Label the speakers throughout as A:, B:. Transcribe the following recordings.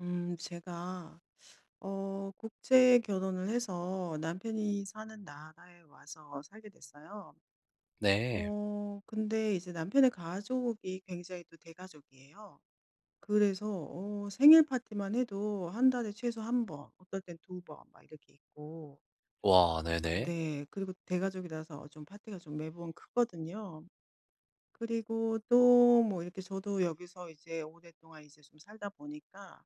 A: 음, 제가 어 국제 결혼을 해서 남편이 사는 나라에 와서 살게 됐어요.
B: 네.
A: 어 근데 이제 남편의 가족이 굉장히 또 대가족이에요. 그래서 어 생일 파티만 해도 1 달에 최소 1 번, 어떨 땐 2 번, 막 이렇게 있고
B: 와, 네네.
A: 근데 그리고 대가족이라서 좀 파티가 좀 매번 크거든요. 그리고 또 뭐 이렇게 저도 여기서 이제 오랫동안 이제 좀 살다 보니까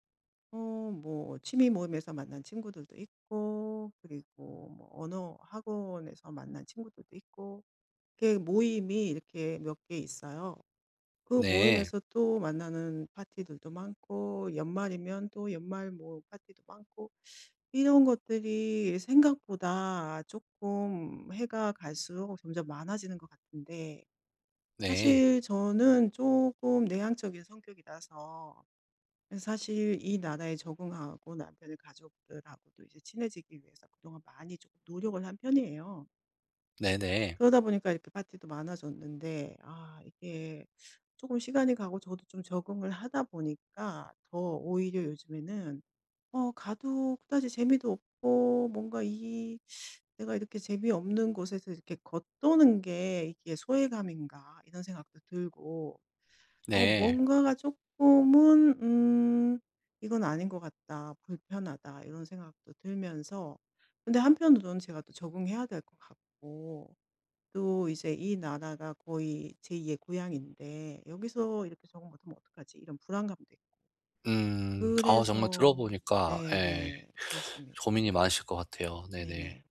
A: 어 뭐 취미 모임에서 만난 친구들도 있고 그리고 뭐 언어 학원에서 만난 친구들도 있고 이렇게 모임이 이렇게 몇 개 있어요. 그
B: 네.
A: 모임에서 또 만나는 파티들도 많고 연말이면 또 연말 뭐 파티도 많고 이런 것들이 생각보다 쪼끔 해가 갈 수록 점점 많아지는 것 같은데
B: 네.
A: 사실 저는 쪼금 내향적인 성격이라서 사실 이 나라에 적응하고 남편의 가족들하고도 이제 친해지기 위해서 그동안 많이 좀 노력을 한 편이에요.
B: 네네.
A: 그러다 보니까 이렇게 파티도 많아졌는데 아, 이게 쪼금 시간이 가고 저도 좀 적응을 하다 보니까 더 오히려 요즘에는 어 가도 그다지 재미도 없고 뭔가 이 '내가 이렇게 재미없는 곳에서 이렇게 겉도는 게 이게 소외감인가?' 이런 생각도 들고 어
B: 네.
A: 뭔가가 쪼끔은 음 '이건 아닌 것 같다. 불편하다.' 이런 생각도 들면서 근데 한편으로는 제가 또 적응해야 될 것 같고 또 이제 이 나라가 거의 제2 의 고향인데 '여기서 이렇게 적응 못 하면 어떡하지?' 이런 불안감도 있고.
B: 음. 아 정말 들어
A: ..그래서
B: 보니까 예
A: 네네. 그렇습니다.
B: 고민이
A: 네.
B: 많으실 것 같아요. 네네.
A: 네네.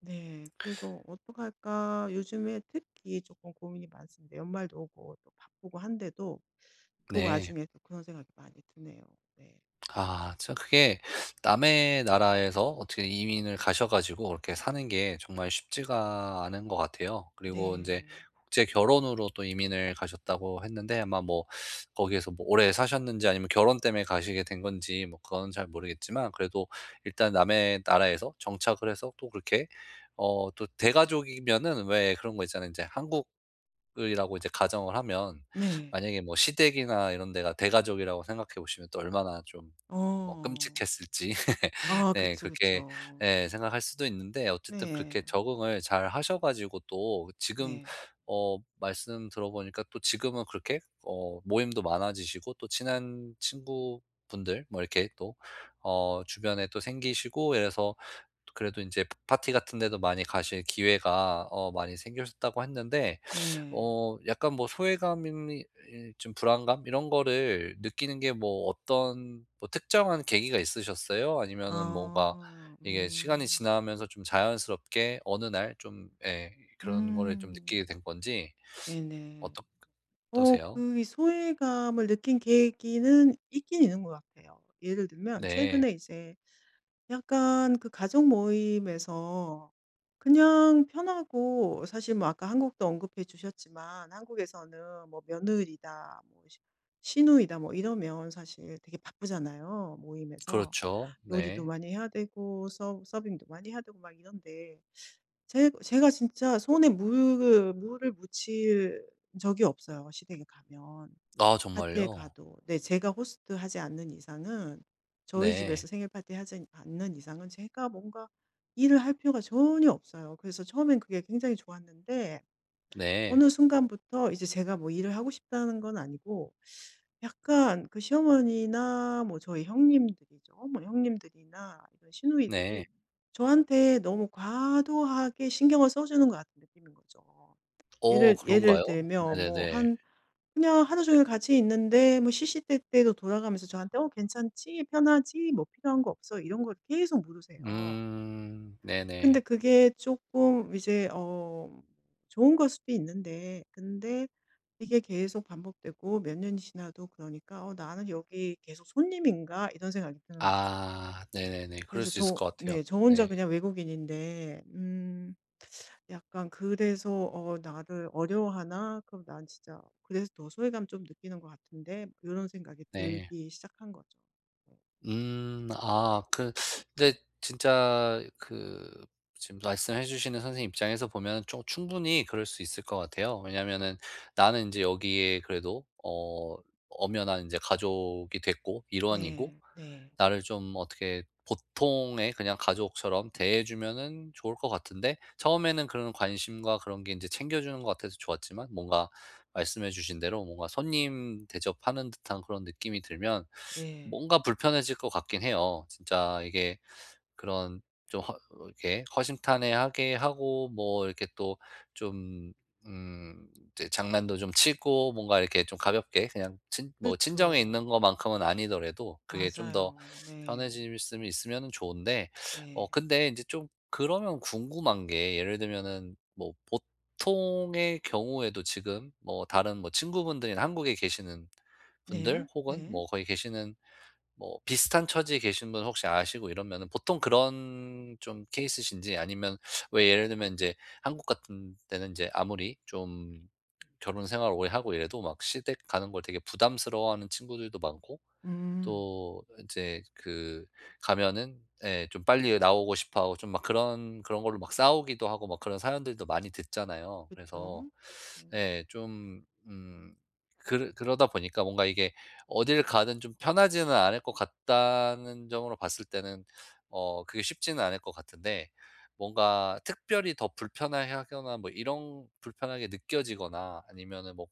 A: 네, 그래서 '어떡할까?' 요즘에 특히 쪼끔 고민이 많습니다. 연말도 오고 바쁘고 한데도 그
B: 네.
A: 와중에 또 그런 생각이 많이 드네요. 네.
B: 아, 참 그게 남의 나라에서 어떻게 이민을 가셔 가지고 그렇게 사는 게 정말 쉽지가 않은 것 같아요. 그리고 인제
A: 네.
B: 국제 결혼으로 또 이민을 가셨다고 했는데 아마 뭐 거기에서 뭐 오래 사셨는지 아니면 결혼 때문에 가시게 된 건지 뭐 그건 잘 모르겠지만 그래도 일단 남의 나라에서 정착을 해서 또 그렇게 어 또 대가족이면은 왜 그런 거 있잖아요. 인제 한국이라고 이제 가정을 하면
A: 네.
B: 만약에 뭐 시댁이나 이런 데가 대가족이라고 생각해 보시면 또 얼마나 좀 뭐
A: 어.
B: 끔찍했을지
A: 아
B: 네
A: 그쵸,
B: 그렇게
A: 그쵸.
B: 네 생각할 수도 있는데 어쨌든 그렇게
A: 네.
B: 적응을 잘하셔가지고 또 지금
A: 네.
B: 어 말씀 들어보니까 또 지금은 그렇게 어 모임도 많아지시고 또 친한 친구분들 뭐 이렇게 또 어 주변에 또 생기시고 이래서 그래도 인제 파티 같은 데도 많이 가실 기회가 어 많이 생기셨다고 했는데
A: 네.
B: 어 약간 뭐 소외감인 이 이 좀 불안감 이런 거를 느끼는 게 뭐 어떤 뭐 특정한 계기가 있으셨어요? 아니면은 뭔가
A: 아.
B: 이게 시간이
A: 음.
B: 지나면서 좀 자연스럽게 어느 날 좀 예 그런 거를 좀
A: 음.
B: 느끼게 된 건지
A: 네네.
B: 어떡
A: 어
B: 어떠세요?
A: 그 이 소외감을 느낀 계기는 있기는 있는 것 같아요. 예를 들면
B: 네.
A: 최근에 이제 약간 그 가족 모임에서 그냥 편하고 사실 뭐 아까 한국도 언급해 주셨지만 한국에서는 뭐 며느리다. 뭐 시누 시누이다. 뭐 이러면 사실 되게 바쁘잖아요. 모임에서
B: 그렇죠.
A: 요리도
B: 네.
A: 많이 해야 되고 서 서빙도 많이 해야 되고 막 이런데 제 제가 진짜 손에 물을 물을 묻힐 적이 없어요. 시댁에 가면.
B: 아
A: 파티에
B: 정말요?
A: 가도. 네, 제가 호스트 하지 않는 이상은 저희
B: 네.
A: 집에서 생일 파티 하지 않는 이상은 제가 뭔가 일을 할 필요가 전혀 없어요. 그래서 처음에는 그게 굉장히 좋았는데
B: 네.
A: 어느 순간부터 이제 제가 뭐 일을 하고 싶다는 건 아니고 약간 그 시어머니나 뭐 저희 형님들이죠. 뭐 형님들이나 이런 시누이들이
B: 네.
A: 저한테 너무 과도하게 신경을 써 주는 것 같은 느낌인 거죠.
B: 어
A: 예를
B: 그런가요?
A: 예를 들면 뭐
B: 네네네.
A: 한 그냥 하루 종일 같이 있는데 뭐 시시때때로 돌아가면서 저한테 "어 괜찮지? 편하지? 뭐 필요한 거 없어?" 이런 걸 계속 물으세요.
B: 음
A: 근데
B: 네네.
A: 그게 쪼끔 이제 어 좋은 걸 수도 있는데 근데 이게 계속 반복되고 몇 년이 지나도 그러니까 '어 나는 여기 계속 손님인가?' 이런 생각이 드는 거죠.
B: 아, 네네네. 그럴
A: 그래서
B: 수 있을
A: 저
B: 것 같아요.
A: 네, 저 혼자
B: 네.
A: 그냥 외국인인데 음 '약간 그래서 어 나를 어려워하나? 그럼 난 진짜 그래서 더 소외감 좀 느끼는 것 같은데?' 요런 생각이
B: 네.
A: 들기 시작한 거죠. 네.
B: 음 아 그 근데 진짜 그 지금 말씀해 주시는 선생님 입장에서 보면 좀 충분히 그럴 수 있을 것 같아요. 왜냐면은 나는 인제 여기에 그래도 어 엄연한 이제 가족이 됐고, 일원이고.
A: 네, 네.
B: 나를 좀 어떻게 보통의 그냥 가족처럼 대해 주면은 좋을 것 같은데 처음에는 그런 관심과 그런 게 인제 챙겨 주는 것 같아서 좋았지만 뭔가 말씀해 주신 대로 뭔가 손님 대접하는 듯한 그런 느낌이 들면
A: 네.
B: 뭔가 불편해질 것 같기는 해요. 진짜 이게 그런 좀 허 어 이렇게 허심탄회하게 하고 뭐 이렇게 또 좀 음 이제 장난도 좀 치고 뭔가 이렇게 좀 가볍게 그냥 친 뭐 친정에 있는
A: 그쵸.
B: 것만큼은 아니더라도 그게 좀 더
A: 맞아요. 네.
B: 편해질 수면 있으면 좋은데
A: 네.
B: 어 근데 인제 좀 그러면 궁금한 게 예를 들면은 뭐 보통의 경우에도 지금 뭐 다른 뭐 친구분들이나 한국에 계시는
A: 네,
B: 분들 혹은
A: 네.
B: 뭐 거기 계시는 뭐 비슷한 처지에 계신 분 혹시 아시고 이러면은 보통 그런 좀 케이스이신지 아니면 왜 예를 들면 인제 한국 같은 때는 인제 아무리 좀 결혼 생활 오래하고 이래도 막 시댁 가는 걸 되게 부담스러워하는 친구들도 많고
A: 음.
B: 또 인제 그 가면은 예 좀 빨리 나오고 싶어 하고 좀 막 그런 그런 걸로 막 싸우기도 하고 막 그런 사연들도 많이 듣잖아요. 그래서.
A: 그쵸. 음.
B: 예, 좀 음 그러 그러다 보니까 뭔가 이게 어딜 가든 좀 편하지는 않을 것 같다는 점으로 봤을 때는 어 그게 쉽지는 않을 것 같은데 뭔가 특별히 더 불편해하거나 뭐 이런 불편하게 느껴지거나 아니면은 뭐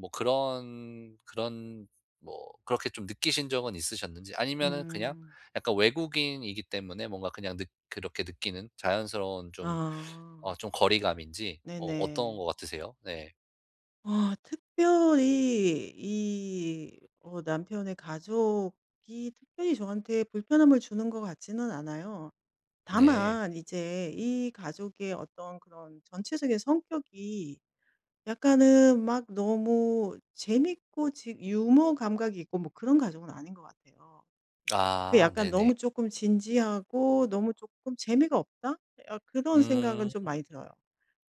B: 뭐 그런 그런 뭐 그렇게 좀 느끼신 적은 있으셨는지 아니면은 그냥
A: 음.
B: 약간 외국인이기 때문에 뭔가 그냥 느 그렇게 느끼는 자연스러운 좀 어
A: 아.
B: 좀 거리감인지
A: 네
B: 뭐 어떤
A: 네.
B: 것 같으세요? 네.
A: 아 특별히 이 어 남편의 가족이 특별히 저한테 불편함을 주는 것 같지는 않아요.
B: 네.
A: 다만 이제 이 가족의 어떤 그런 전체적인 성격이 약간은 막 너무 재밌고 지 유머 감각이 있고 뭐 그런 가족은 아닌 것 같아요. 그
B: 아
A: 약간
B: 네네.
A: '너무 쪼끔 진지하고 너무 쪼끔 재미가 없다?' 예 아 그런 생각은
B: 음.
A: 좀 많이 들어요.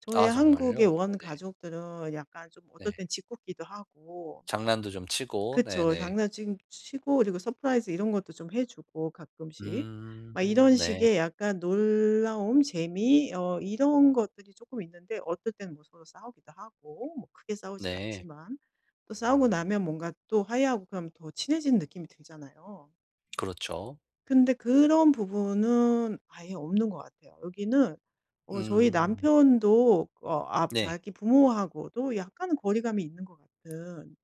A: 저의
B: 아 정말요?
A: 한국의
B: 네네.
A: 원가족들은 약간 좀 어떨
B: 네.
A: 땐 짓궂기도 하고
B: 장난도 좀 치고
A: 그쵸.
B: 네네.
A: 장난징 치고 그리고 서프라이즈 이런 것도 좀 해 주고 가끔씩.
B: 음
A: 막 이런
B: 네.
A: 식의 약간 놀라움 재미 어 이런 것들이 쪼끔 있는데 어떨 땐 뭐 서로 싸우기도 하고 뭐 크게 싸우진
B: 네.
A: 않지만. 또 싸우고 나면 뭔가 또 화해하고 그러면 더 친해지는 느낌이 들잖아요.
B: 그렇죠.
A: 근데 그런 부분은 아예 없는 것 같아요. 여기는 어 저희
B: 음.
A: 남편도 어 아
B: 네.
A: 자기 부모하고도 약간은 거리감이 있는 것 같은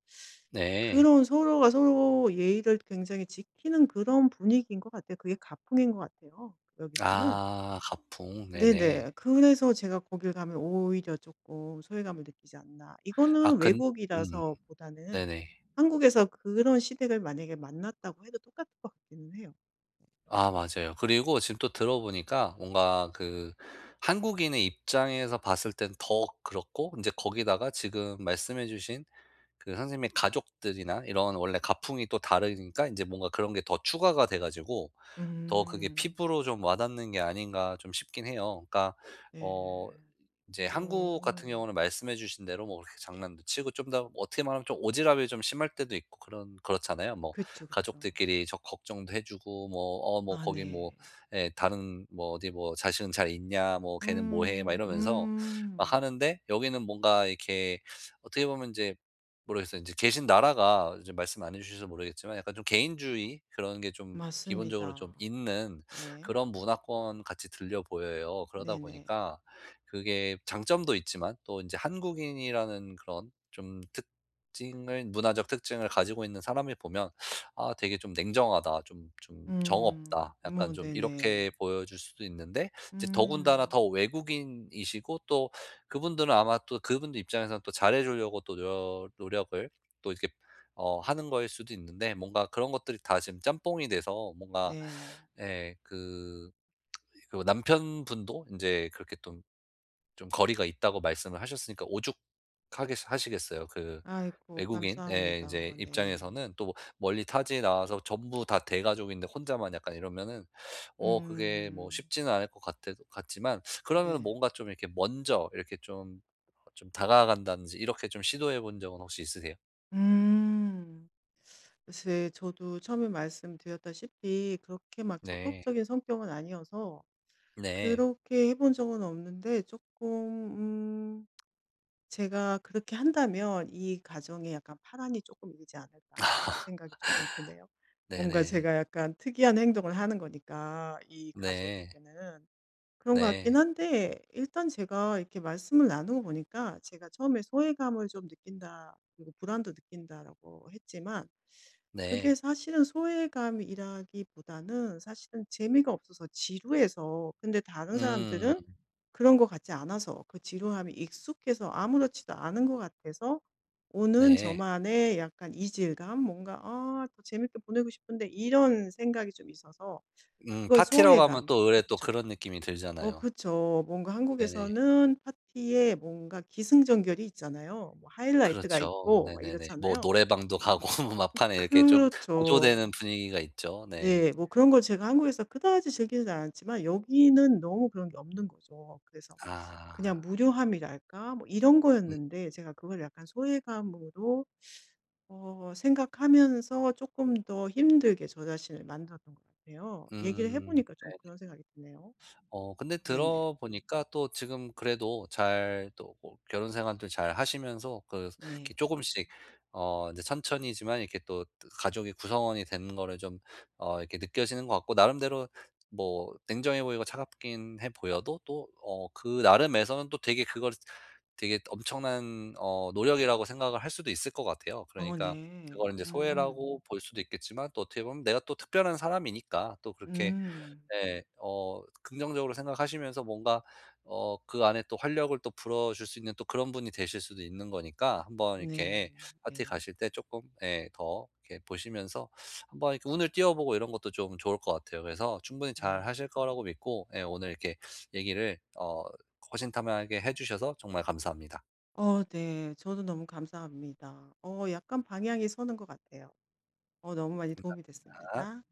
B: 네.
A: 그런 서로가 서로 예의를 굉장히 지키는 그런 분위기인 것 같아요. 그게 가풍인 것 같아요. 여기서는.
B: 아 가풍 네네.
A: 네네. 그래서 제가 거길 가면 오히려 쪼끔 소외감을 느끼지 않나.
B: 아
A: 이거는
B: 근 음
A: 외국이라서 보다는
B: 네네.
A: 한국에서 그런 시댁을 만약에 만났다고 해도 똑같을 것 같기는 해요.
B: 아 맞아요. 그리고 지금 또 들어 보니까 뭔가 그 한국인의 입장에서 봤을 땐 더 그렇고 인제 거기다가 지금 말씀해 주신 그 선생님의 가족들이나 이런 원래 가풍이 또 다르니까 인제 뭔가 그런 게 더 추가가 돼 가지고 더 그게
A: 음.
B: 피부로 좀 와닿는 게 아닌가 좀 싶긴 해요. 그러니까
A: 네.
B: 어 이제 한국 같은
A: 어.
B: 경우는 말씀해 주신 대로 뭐 그렇게 장난도 치고 좀 더 어떻게 말하면 좀 오지랖이 좀 심할 때도 있고 그런 그렇잖아요. 뭐
A: 그쵸, 그쵸.
B: 가족들끼리 저 걱정도 해 주고 뭐 어 뭐
A: 아
B: 거기
A: 네.
B: 뭐 예 다른 뭐 어디 뭐 "자식은 잘 있냐? 뭐 걔는 뭐 해." 막
A: 음.
B: 이러면서 아
A: 음.
B: 하는데 여기는 뭔가 이렇게 어떻게 보면 인제 모르겠어요. 인제 계신 나라가 좀 말씀 안 해 주셔서 모르겠지만 약간 좀 개인주의 그런 게 좀 기본적으로 좀
A: 맞습니다.
B: 있는
A: 네.
B: 그런 문화권같이 들려 보여요. 그러다
A: 네네.
B: 보니까 그게 장점도 있지만 또 인제 한국인이라는 그런 좀 특징을 문화적 특징을 가지고 있는 사람이 보면 '아 되게 좀 냉정하다. 좀 좀 정
A: 음.
B: 없다.' 약간
A: 어
B: 좀
A: 네네.
B: 이렇게 보여질 수도 있는데 이제 더군다나
A: 음.
B: 더 외국인이시고 또 그분들은 아마 또 그분들 입장에서는 또 잘해 주려고 또 노려 노력을 또 이렇게 어 하는 거일 수도 있는데 뭔가 그런 것들이 다 지금 짬뽕이 돼서 뭔가
A: 네.
B: 예 그 그리고 남편분도 인제 그렇게 좀 좀 거리가 있다고 말씀을 하셨으니까 오죽하겠 하시겠어요. 그
A: 아이고
B: 외국인의
A: 감사합니다.
B: 인제
A: 네.
B: 입장에서는 또 뭐 멀리 타지에 나와서 전부 다 대가족인데 혼자만 약간 이러면은 어 그게 뭐
A: 음.
B: 쉽지는 않을 것 같아 같지만 그러면은
A: 네.
B: 뭔가 좀 이렇게 먼저 이렇게 좀 좀 다가간다든지 이렇게 좀 시도해 본 적은 혹시 있으세요?
A: 음. 글쎄 저도 처음에 말씀드렸다시피 그렇게 막
B: 네.
A: 적극적인 성격은 아니어서
B: 네.
A: 그렇게 해 본 적은 없는데 쪼끔 음 '제가 그렇게 한다면 이 가정에 약간 파란이 쪼끔 일지 않을까.' 이런 생각이 쪼끔 드네요. 뭔가
B: 네네.
A: 제가 약간 특이한 행동을 하는 거니까 이
B: 네.
A: 가족에게는 그런 것 같기는
B: 네.
A: 한데 일단 제가 이렇게 말씀을 나누고 보니까 제가 처음에 "소외감을 좀 느낀다. 그리고 불안도 느낀다."라고 했지만,
B: 네.
A: 그게 사실은 소외감이라기보다는 사실은 재미가 없어서 지루해서 근데 다른
B: 음.
A: 사람들은 그런 것 같지 않아서 그 지루함에 익숙해서 아무렇지도 않은 것 같아서 오는
B: 네.
A: 저만의 약간 이질감? 뭔가 '아 더 재밌게 보내고 싶은데.' 이런 생각이 좀 있어서
B: 음
A: 그거의
B: 파티라고 하면
A: 소외감
B: 또 으레 또
A: 그쵸.
B: 그런 느낌이
A: 어
B: 들잖아요.
A: 그쵸. 뭔가
B: 네네.
A: 한국에서는 파티에 뭔가 기승전결이 있잖아요. 뭐 하이라이트가
B: 그렇죠.
A: 있고 막
B: 네네네. 뭐
A: 이렇잖아요.
B: 노래방도 가고
A: 음
B: 막판에 이렇게 좀 고조되는
A: 그렇죠.
B: 분위기가 있죠. 네.
A: 네, 뭐 그런 걸 제가 한국에서 그다지 즐기지 않았지만, 여기는 너무 그런 게 없는 거죠. 그래서
B: 아.
A: 그냥 무료함이랄까? 뭐 이런
B: 음.
A: 거였는데 제가 그걸 약간 소외감으로 어 생각하면서 쪼끔 더 힘들게 저 자신을 만들었던 것 같아요. 얘기를 해
B: 음
A: 보니까 좀
B: 네.
A: 그런 생각이 드네요.
B: 어 근데
A: 네네.
B: 들어보니까 또 지금 그래도 잘 또 뭐 결혼 생활도 잘하시면서 그 이렇게
A: 네.
B: 쪼금씩 어 인제 천천히지만 이렇게 또 가족의 구성원이 되는 거를 좀 어 이렇게 느껴지는 것 같고 나름대로 뭐 냉정해 보이고 차갑기는 해 보여도 또 어 그 나름에서는 또 되게 그걸 되게 엄청난 어 노력이라고 생각을 할 수도 있을 것 같아요.
A: 어
B: 그러니까
A: 네.
B: 그걸 인제
A: 음.
B: 소외라고 볼 수도 있겠지만 또 어떻게 보면 내가 또 특별한 사람이니까 또 그렇게
A: 음.
B: 네 어 긍정적으로 생각하시면서 뭔가 어 그 안에 또 활력을 또 불어줄 수 있는 또 그런 분이 되실 수도 있는 거니까 한번
A: 네,
B: 이렇게 파티
A: 네.
B: 가실 때 쪼끔 예 더 이렇게 보시면서 한번 이렇게 운을 띄워보고 이런 것도 좀 좋을 것 같아요. 그래서 충분히
A: 네.
B: 잘하실 거라고 믿고 예 오늘 이렇게 얘기를 어 허심탄회하게 해주셔서 정말 감사합니다.
A: 어 네, 저도 너무 감사합니다. 어 약간 방향이 서는 것 같아요. 어 너무 많이 도움이
B: 감사합니다.
A: 됐습니다.